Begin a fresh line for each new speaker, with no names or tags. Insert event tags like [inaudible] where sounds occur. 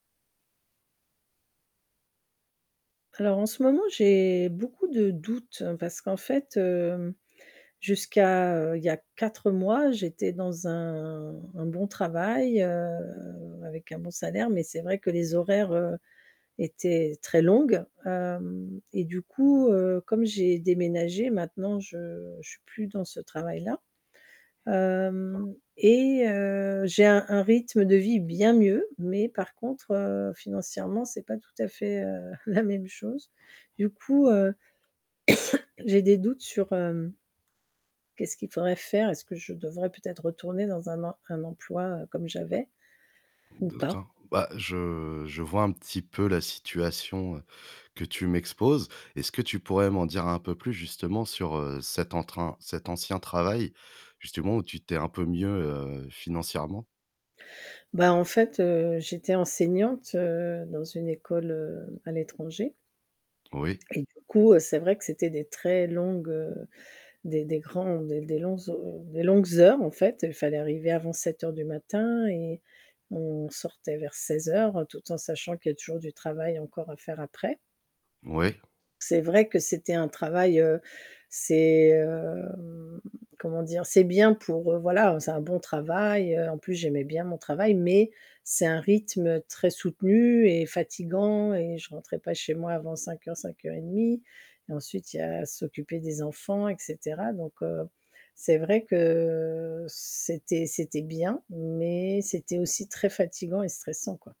Alors en ce moment j'ai beaucoup de doutes parce qu'en fait, hem, jusqu'à, heu, il y a 4 mois j'étais dans un un bon travail, heu, avec un bon salaire, mais c'est vrai que les horaires, heu, étaient très longues, hem et du coup, heu, comme j'ai déménagé maintenant, je je suis plus dans ce travail-là.
[unintelligible]
Hem et heu, j'ai un un rythme de vie bien mieux, mais par contre, heu, financièrement c'est pas tout à fait, heu, [chuckles] la même chose. Du coup, heu, [coughs] j'ai des doutes sur, hem, qu'est-ce qu'il faudrait faire. Est-ce que je devrais peut-être retourner dans un em un emploi, heu, comme j'avais ou pas?
D'accord. Bah, je je vois un petit peu la situation, heu, que tu m'exposes. Est-ce que tu pourrais m'en dire un peu plus justement sur, heu, cet entrain cet ancien travail justement où tu t'es un peu mieux, heu, financièrement?
Bah, en fait, heu, j'étais enseignante, heu, dans une école, heu, à l'étranger
Oui.
et du coup, c'est vrai que c'était des très longues, heu, des des grands des des longues ho des longues heures, en fait. Il fallait arriver avant 07:00 du matin et on sortait vers 16:00 tout en sachant qu'il y a toujours du travail encore à faire après.
Oui.
C'est vrai que c'était un travail, heu, c'est, heu, hem, comment dire? C'est bien pour, heu, voilà, c'est un bon travail, heu, en plus j'aimais bien mon travail mais c'est un rythme très soutenu et fatigant et je rentrais pas chez moi avant 05:00-05:30 et ensuite il y a à s'occuper des enfants et cetera. Donc heu, c'est vrai que c'était c'était bien, mais c'était aussi très fatigant et stressant, quoi.